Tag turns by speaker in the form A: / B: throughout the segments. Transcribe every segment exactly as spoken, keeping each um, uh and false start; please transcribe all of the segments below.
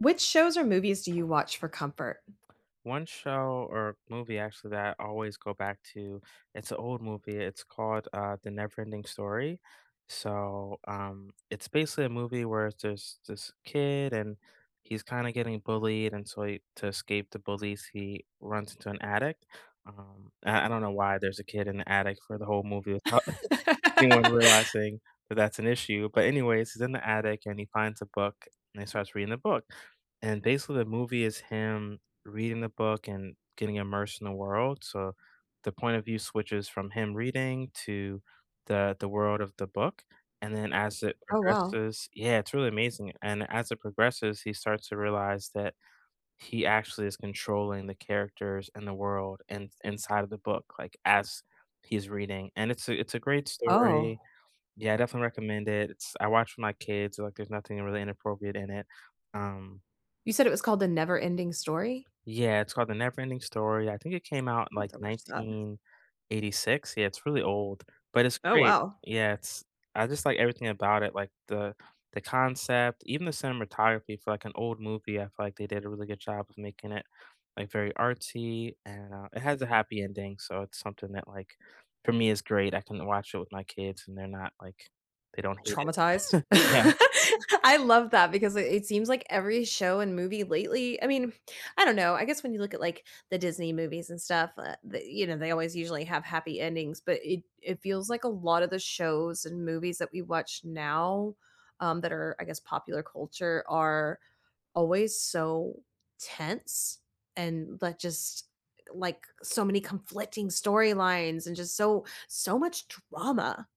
A: Which shows or movies do you watch for comfort?
B: One show or movie, actually, that I always go back to, it's an old movie. It's called, uh, The Never Ending Story. So, um, it's basically a movie where there's this kid and he's kinda getting bullied, and so he to escape the bullies, he runs into an attic, um, I I don't know why there's a kid in the attic for the whole movie without anyone realizing that that's an issue, but anyways, he's in the attic and he finds a book, and he starts reading the book and, basically, the movie is him reading the book and getting immersed in the world, so, the point of view switches from him reading to the the world of the book and then, as it
A: Oh, wow.
B: progresses Yeah, it's really amazing, and as it progresses, he starts to realize that he actually is controlling the characters and the world in inside of the book, like, as he's reading, and it's a it's a great story,
A: Oh.
B: yeah, I definitely recommend it, it's I watch with my kids, like, there's nothing really inappropriate in it, um
A: You said it was called The NeverEnding Story?
B: Yeah, it's called The Never Ending Story, I think it came out in,
A: I'll have
B: like,
A: to watch that.
B: nineteen eighty-six, yeah, it's really old, but it's
A: Oh,
B: great.
A: wow.
B: Yeah, it's I just like everything about it, like the the concept, even the cinematography for, like, an old movie, I feel like they did a really good job of making it, like, very artsy and, uh, it has a happy ending, so it's something that, like, for me is great, I can watch it with my kids and they're not, like they don't hate it.
A: Traumatized?
B: Yeah.
A: I love that because i it seems like every show and movie lately I mean, I don't know, I guess when you look at, like, the Disney movies and stuff, uh, the you know, they always usually have happy endings, but it it feels like a lotta the shows and movies that we watch now, um, that are, I guess, popular culture are always so tense and like, just, eh, like, so many conflicting storylines and just so, so much drama.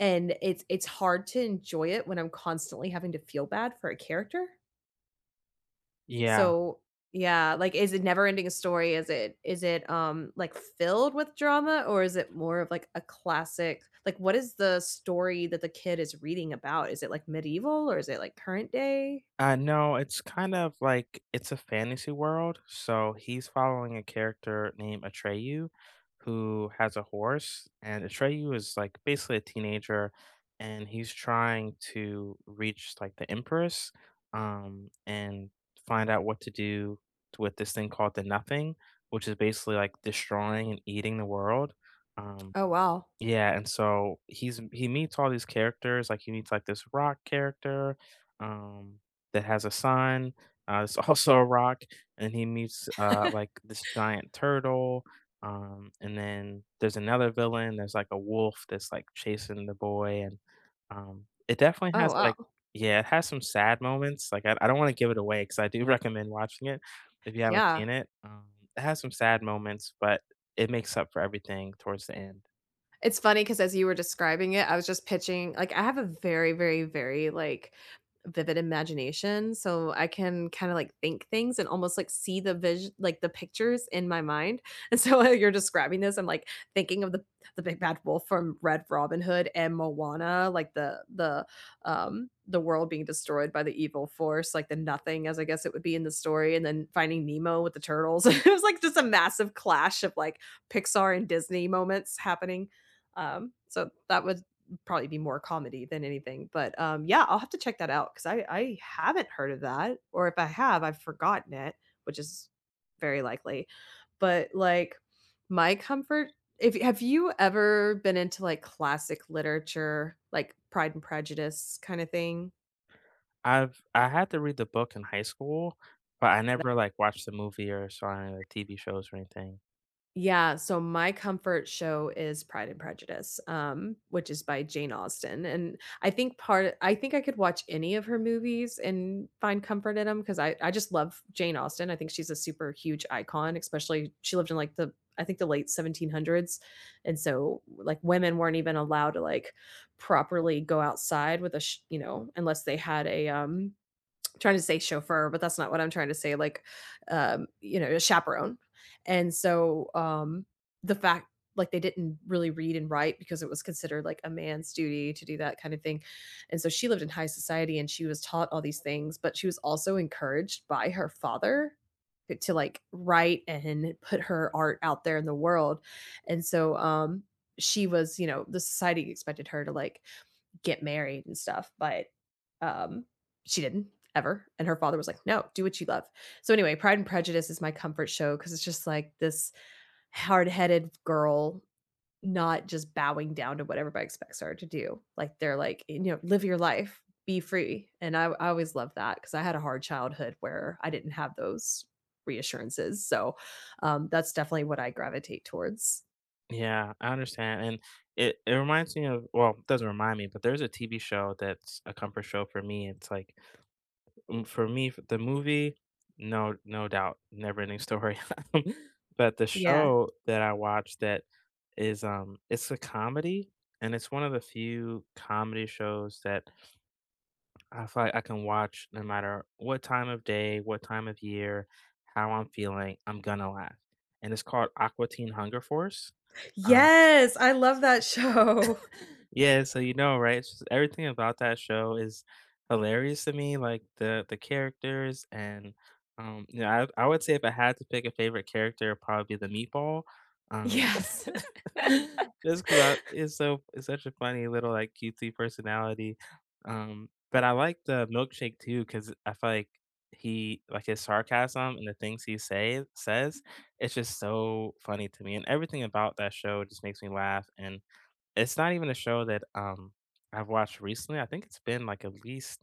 A: And it's it's hard to enjoy it when I'm constantly having to feel bad for a character.
B: Yeah.
A: So yeah, like, is it NeverEnding Story? Is it is it, um, like, filled with drama, or is it more of, like, a classic like, what is the story that the kid is reading about? Is it, like, medieval, or is it, like, current day?
B: Uh, no, it's kind of, like, it's a fantasy world. So, he's following a character named Atreyu, who has a horse. And Atreyu is, like, basically a teenager, and he's trying to reach, like, the Empress, um, and find out what to do t with this thing called the Nothing, which is basically, like, destroying and eating the world. Um,
A: Oh wow.
B: yeah, and so he's m he meets all these characters, like, he meets, like, this rock character, um, that has a son, uh, that's also a rock. And he meets, uh, like, this giant turtle, um, and then there's another villain, there's, like, a wolf that's, like, chasing the boy, and, um. It definitely
A: Oh
B: has, like
A: wow.
B: Yeah, it has some sad moments, like, I I don't wanna give it away 'cause I do recommend watching it if you haven't
A: Yeah.
B: seen it. Um, it has some sad moments, but it makes up for everything towards the end.
A: It's funny 'cause as you were describing it, I was just pitching like I have a very, very, very, like, vivid imagination, so I can kinda like think things and almost, like, see the vis like, the pictures in my mind, and so while you're describing this, I'm, like, thinking of the the Big Bad Wolf from Red Robin Hood and Moana, like the the, um the world being destroyed by the evil force, like, the Nothing as I guess it would be in the story, and then Finding Nemo with the turtles, it was, like, just a massive clash of, like, Pixar and Disney moments happening. Um, so that would probably be more comedy than anything, but, um, yeah, I'll have to check that out 'cause I I haven't heard of that, or if I have, I've forgotten it, which is very likely. But, like, my comfort, if y have you ever been into, like, classic literature, like Pride and Prejudice kinda thing?
B: I've I had to read the book in high school, but I
A: L
B: never, like, watched the movie or saw any of the TV shows or anything.
A: Yeah, so my comfort show is Pride and Prejudice, um, which is by Jane Austen, and I think part I think I could watch any of her movies and find comfort in 'em 'cause I I just love Jane Austen, I think she's a super huge icon, especially she lived in, like, the, I think, the late seventeen hundreds and so, like, women weren't even allowed to, like, properly go outside with a sh you know, unless they had a, um, I'm trying to say chauffeur, but that's not what I'm trying to say, like, um, you know, a chaperone. And so, um, the fact like, they didn't really read and write because it was considered, like, a man's duty to do that kind of thing, and so she lived in high society, and she was taught all these things, but she was also encouraged by her father, eh, to, like, write and [unintelligible] put her art out there in the world. And so, um, she was, you know the society expected her to, like, get married and stuff, but, um, she didn't, ever, and her father was like, "No, do what you love." So anyway, Pride and Prejudice is my comfort show 'cause it's just, like, this hard-headed girl not just bowing down to what everybody expects her to do, like they're like, you know, "Live your life. Be free," and I I always loved that 'cause I had a hard childhood where I didn't have those reassurances, so, um, that's definitely what I gravitate towards.
B: Yeah, I understand, and it it reminds me of well, it doesn't remind me, but there's a TV show that's a comfort show for me, it's like, m for me f the movie, no no doubt, "NeverEnding Story." But the
A: Yeah.
B: show that I watch that is, um it's a comedy, and it's one of the few comedy shows that I feel like I can watch no matter what time of day, what time of year, how I'm feeling; I'm gonna laugh. And it's called "Aqua Teen Hunger Force." Um
A: Yes! I love that show.
B: Yeah, so you know, right? It's just everything about that show is hilarious to me, like the the characters and, um, you know, I I would say if I had to pick a favorite character, it'd probably be the meatball, um,
A: Yes.
B: just 'cause I it's so it's such a funny little, like, cutesy personality, um, but I like the Milkshake too 'cause I feel like he like his sarcasm and the things he say says, it's just so funny to me, and everything about that show just makes me laugh, and it's not even a show that, um, I've watched recently, I think it's been, like, at least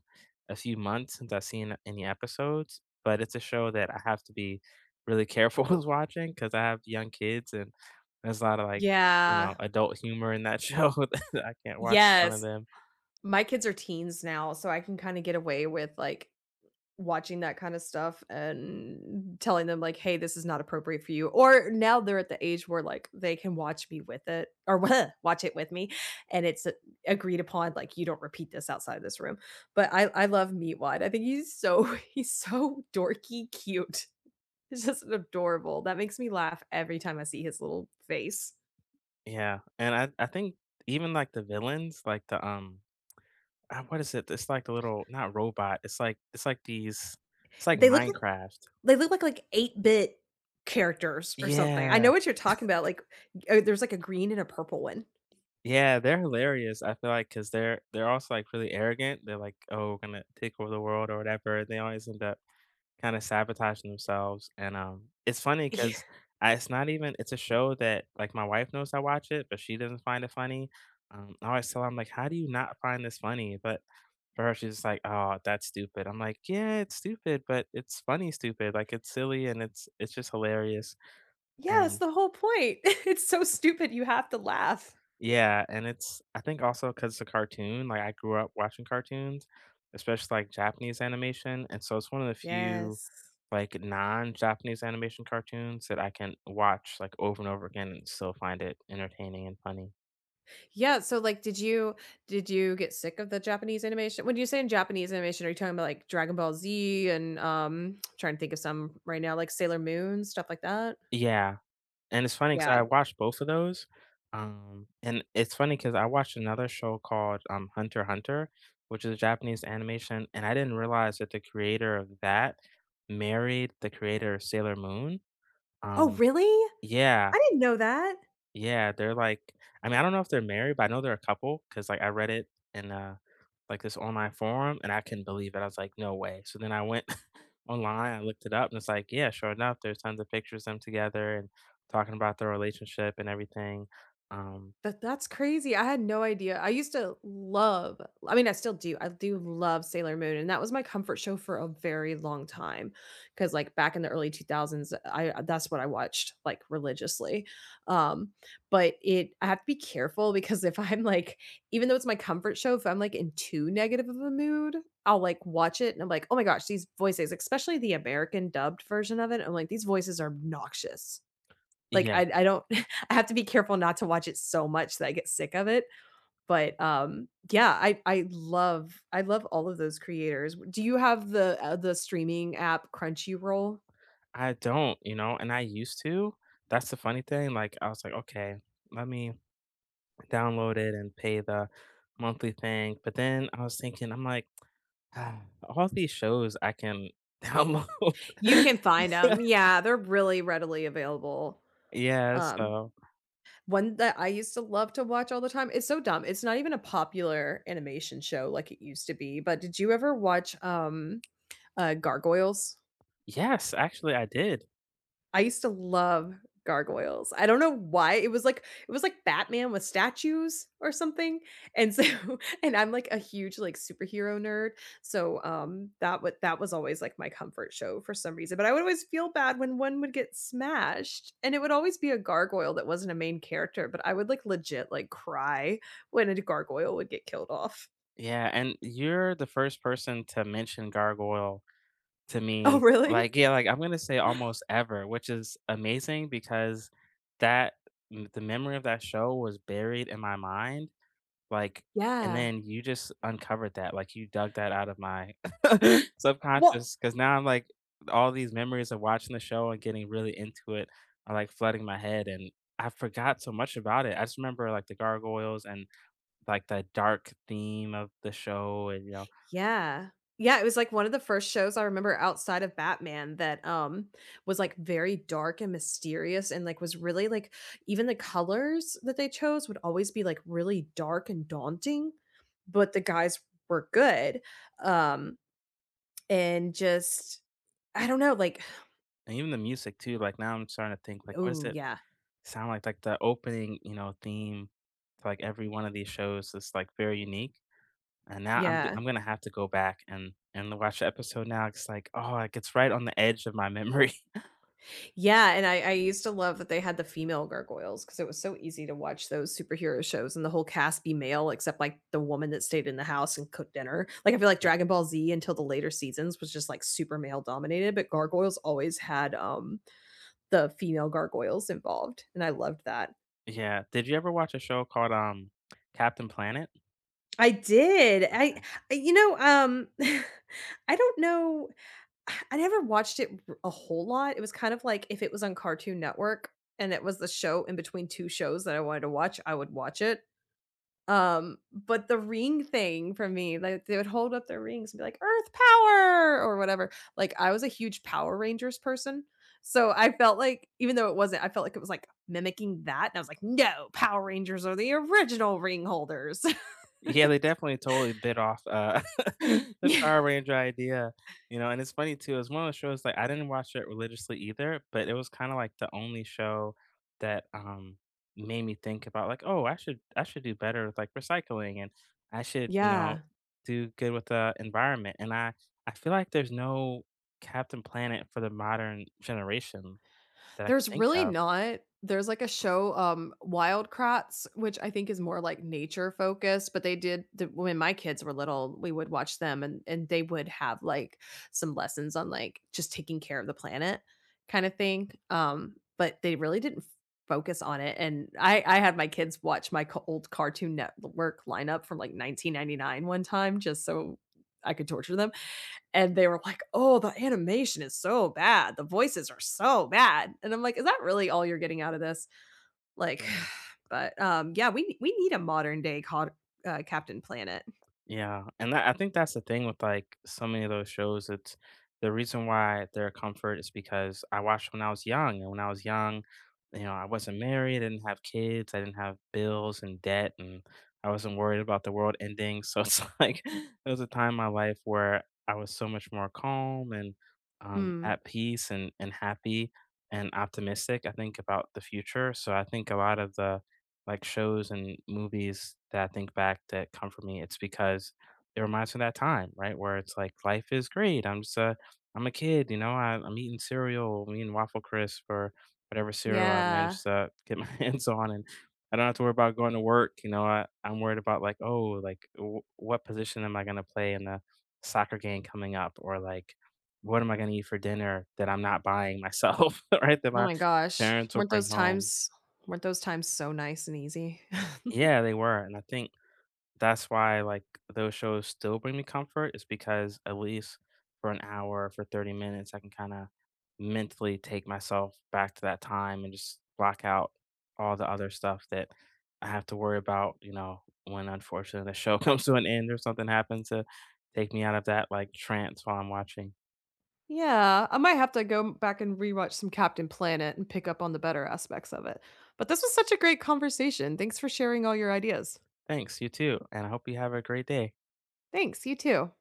B: a few months since I've seen any episodes, but it's a show that I have to be really careful with watching 'cause I have young kids, and there's a lotta like, you know,
A: Yeah.
B: adult humor in that show that I can't watch in front of
A: Yes.
B: them.
A: My kids are teens now, so I can kinda get away with, like, watching that kinda stuff and telling them, like, "Hey, this is not appropriate for you," or now they're at the age where, like, they can watch me with it or w watch it with me, and it's a agreed upon, like, "You don't repeat this outside of this room." But I I love Meatwad, I think he's so, he's so dorky cute. He's just adorable, that makes me laugh every time I see his little face.
B: Yeah, and I I think even, like, the villains, like, the, um uh, what is it? It's like the little not robot, it's, like it's, like, these, it's like
A: They look like
B: Minecraft.
A: they look like, like, 8-bit characters or something, I
B: Yeah.
A: know what you're talking about, like, uh, there's like a green and a purple one.
B: Yeah, they're hilarious I feel like, 'cause they're they're also, like, really arrogant., they're like, "Oh, we're gonna take over the world," or whatever, they always end up kinda sabotaging themselves, and, um, it's funny
A: Yeah.
B: 'cause I it's not even it's a show that, like, my wife knows I watch it, but she doesn't find it funny, um, I always tell her, I'm like, "How do you not find this funny?" But for her she's just like, "Oh, that's stupid." I'm like, "Yeah, it's stupid, but it's funny stupid, like, it's silly and it's it's just hilarious."
A: Yeah, it's
B: And
A: the whole point. It's so stupid you have to laugh.
B: Yeah, and it's I think also 'cause it's a cartoon, like, I grew up watching cartoons, especially, like, Japanese animation, and so it's one of the few,
A: Yes.
B: like, non-Japanese animation cartoons that I can watch, like, over and over again and still find it entertaining and funny.
A: Yeah, so, like, did you did you get sick of the Japanese animation? When you saying Japanese animation, are you talking about, like, Dragon Ball Z? And, um trying to think of some right now, like Sailor Moon? Stuff like that?
B: Yeah. And it's funny 'cause I
A: Yeah.
B: watched both of those, um, and it's funny 'cause I watched another show called, um, Hunter Hunter, which is Japanese animation, and I didn't realize that the creator of that married the creator of Sailor Moon.
A: Oh,
B: Um
A: really? I
B: yeah.
A: didn't know that!
B: Yeah, they're like I mean, I don't know if they're married, but I know they're a couple 'cause, like, I read it in a like, this online forum, and I couldn't believe it, I was like, "No way." So, then I went online, I looked it up, and it's like, yeah, sure enough, there's tons of pictures of them together and talking about their relationship and everything, um
A: That that's crazy, I had no idea, I used to love I mean, I still do, I do love Sailor Moon, and that was my comfort show for a very long time, 'cause, like, back in the early two thousands, I uh, that's what I watched, like, religiously, um, but it I have to be careful because if I'm, like even though it's my comfort show, if I'm, like, in too negative of a mood, I'll, like, watch it and I'm like, "Oh my gosh, these voices" especially the American dubbed version of it, I'm like, "These voices are obnoxious." Like,
B: Yeah.
A: I I don't I have to be careful not to watch it so much that I get sick of it. But, um yeah, I I love I love all of those creators, w do you have the, uh the streaming app Crunchyroll?
B: I don't, you know, and I used to, that's the funny thing, like, I was like, "Okay, let me download it and pay the monthly thing." But, then I was thinking I'm like, "All these shows I can download."
A: You can find 'em yeah, they're really readily available.
B: Yeah,
A: Um,
B: so
A: one that I used to love to watch all the time it's so dumb, it's not even a popular animation show like it used to be, but did you ever watch, um uh, Gargoyles?
B: Yes, actually, I did.
A: I used to love Gargoyles. I don't know why it was like it was like Batman with statues or something, and so and I'm, like, a huge, like, superhero nerd, so, um, that wa that was always, like, my comfort show for some reason. But I would always feel bad when one would get smashed, and it would always be a gargoyle that wasn't a main character, but I would, like, legit, like, cry when a d gargoyle would get killed off.
B: Yeah, and you're the first person to mention Gargoyle to
A: Oh,
B: me,
A: really?
B: like, yeah, like, I'm gonna say almost ever, which is amazing because that m the memory of that show was buried in my mind, like, and
A: Yeah.
B: then you just uncovered that, like, you dug that out of my
A: Well
B: subconscious, 'cause now I'm, like all these memories of watching the show and getting really into it are, like, flooding my head, and I forgot so much about it. I just remember, like, the gargoyles and, like, the dark theme of the show and, you know.
A: Yeah. Yeah, it was, like, one of the first shows I remember outside of Batman that, um, was, like, very dark and mysterious and, like, was really, like even the colors that they chose would always be, like, really dark and daunting, but the guys were good, um, and just I don't know, like
B: And even the music too, like, now I'm starting to think, like, what does
A: Ooh,
B: it
A: yeah.
B: sound like? Like, the opening, you know, theme to, like, every one of these shows is, like, very unique. And now I'm g
A: Yeah.
B: I'm gonna have to go back and and watch a episode now 'cause, like oh, like, it's right on the edge of my memory.
A: Yeah, and I I used to love that they had the female gargoyles, 'cause it was so easy to watch those superhero shows and the whole cast be male except, like, the woman that stayed in the house and cooked dinner, like, I feel like
B: Yeah.
A: Dragon Ball Z, until the later seasons, was just, like, super male-dominated, but Gargoyles always had, um, the female gargoyles involved, and I loved that.
B: Yeah, did you ever watch a show called, um, Captain Planet?
A: I did, I
B: Okay.
A: you know, um, I don't know I never watched it r a whole lot, it was kind of like if it was on Cartoon Network, and it was the show in between two shows that I wanted to watch, I would watch it. Um, but the ring thing for me like, they would hold up their rings and be, like, "Earth power!" Or whatever like, I was a huge Power Rangers person, so, I felt like even though it wasn't I felt like it was, like, mimicking that, and I was, like, "No, Power Rangers are the original ring holders!"
B: Yeah, they definitely totally bit off, uh, the Power Ranger idea, you know, and it's funny too, it's one of those shows like, I didn't watch it religiously either, but it was kinda, like, the only show that, um, made me think about, like, "Oh, I should I should do better with, like, recycling, and I should," you know,
A: Yeah.
B: "do good with the environment." And I I feel like there's no Captain Planet for the modern generation that I can
A: There's
B: think
A: really
B: of.
A: not. There's like a show, um, Wild Kratts, which I think is more, like, nature-focused, but they did the when my kids were little, we would watch them and and they would have, like, some lessons on, like, just taking care of the planet, kinda thing, um, but they really didn't focus on it, and I I had my kids watch my c old Cartoon Network lineup from, like, nineteen ninety-nine one time just so I could torture them, and they were, like, "Oh, the animation is so bad, the voices are so bad." And I'm, like, "Is that really all you're getting out of this?" Like
B: Mm.
A: but, um yeah, we we need a modern-day cod uh, Captain Planet.
B: Yeah, and that I think that's the thing with, like, so many of those shows it's the reason why they're a comfort is because I watched when I was young, and when I was young, you know, I wasn't married, I didn't have kids, I didn't have bills, and debt, and I wasn't worried about the world ending so, it's, like it was a time in my life where I was so much more calm and, um,
A: Mm.
B: at peace and and happy, and optimistic, I think, about the future so, I think a lot of the, like, shows and movies that I think back that comfort me, it's because it reminds me of that time, right? Where it's, like, "Life is great, I'm just a I'm a kid, you know? I I'm eating cereal, I'm eating Waffle Crisp, or whatever cereal I
A: Yeah.
B: managed to get my hands on, and I don't have to worry about going to work," you know? I I'm worried about, like, "Oh, like, w what position am I gonna play in the soccer game coming up?" Or, like, "What am I gonna eat for dinner that I'm not buying myself," right? "That
A: Oh
B: my
A: my gosh,
B: parents will
A: weren't
B: bring
A: those
B: home."
A: times weren't those times so nice and easy?
B: Yeah, they were, and I think that's why, like, those shows still bring me comfort is because at least for an hour, or for thirty minutes, I can kinda, mentally take myself back to that time and just block out all the other stuff that I have to worry about, you know? When, unfortunately the show comes to an end or something happens to take me out of that, like, trance while I'm watching.
A: Yeah, I might have to go back and re-watch some Captain Planet and pick up on the better aspects of it, but this was such a great conversation, thanks for sharing all your ideas.
B: Thanks, you too, and I hope you have a great day.
A: Thanks you too.